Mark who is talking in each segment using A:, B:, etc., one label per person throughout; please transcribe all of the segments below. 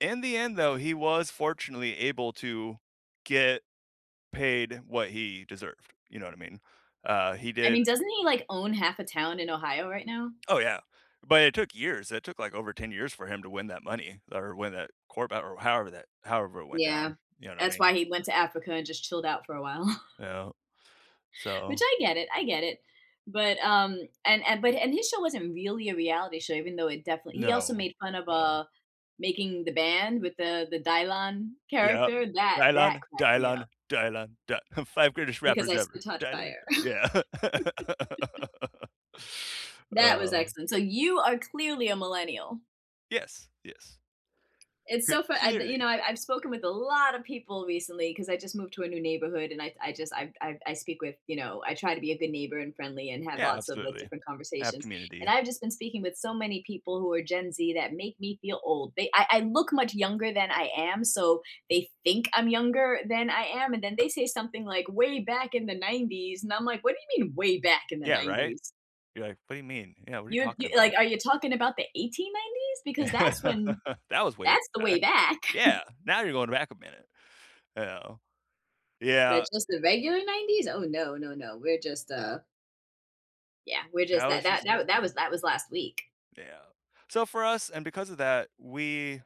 A: In the end though, he was fortunately able to get paid what he deserved. You know what I mean? Uh, he
B: I
A: did.
B: mean, doesn't he like own half a town in Ohio right now?
A: Oh, yeah, but it took years. It took, like, over 10 years for him to win that money or win that quarterback or however that however it went
B: Yeah,
A: down. You know what I
B: that's
A: mean?
B: why he went to Africa and just chilled out for a while.
A: Yeah,
B: Which
A: so
B: I get it, I get it. But, um, and and, but, and his show wasn't really a reality show, even though it definitely he also
A: No,
B: made fun of,
A: no.
B: uh, making the band with the the Dylon
A: Yeah,
B: character. That that
A: Dylon,
B: cracked me up.
A: Dylon, Dylon Dy 5 greatest
B: "Because
A: rappers
B: I
A: ever.
B: spit hot
A: Dylon,
B: fire."
A: Dy yeah.
B: That was
A: Uh
B: excellent. So you are clearly a millennial.
A: Yes, yes.
B: It's
A: C
B: so fun I, the
A: clearly.
B: you know, I I've spoken with a lotta people recently 'cause I just moved to a new neighborhood and I I just, I I I speak with, you know, I try to be a good neighbor and friendly and have
A: Yeah,
B: lots of
A: absolutely.
B: different
A: I have
B: conversations. And
A: community.
B: I've just been speaking with so many people who are Gen Z that make me feel old. They I I look much younger than I am, so they think I'm younger than I am, and then they say something, like, "Way back in the 90s." And I'm like, "What do you mean way back in the
A: Yeah, right?
B: 90s?"
A: You're like, "What do you mean? Yeah, what are you
B: You'd
A: talking
B: you like,
A: about?"
B: "Are you talking about the 1890s? Because that's when
A: That was way
B: that's the way
A: back.
B: back."
A: Yeah, now you're going back a minute. Yeah,
B: But
A: yeah
B: just the regular 90s? Oh, no, no, no. We're just, uh yeah, we're
A: That
B: just
A: was
B: that that
A: just
B: that that was
A: culture.
B: that was last week.
A: Yeah. So for us, and because of that, we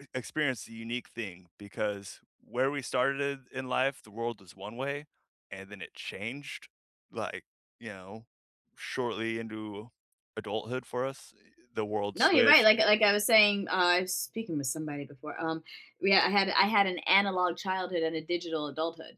A: uh, e experienced a unique thing because where we started in life, the world is one way, and then it changed, like, you know, shortly into adulthood for us, eh, the world
B: No, you're right.
A: switched.
B: Like like I was saying, uh, I've speaking with somebody before, um, yeah, I had I had an analog childhood and a digital adulthood.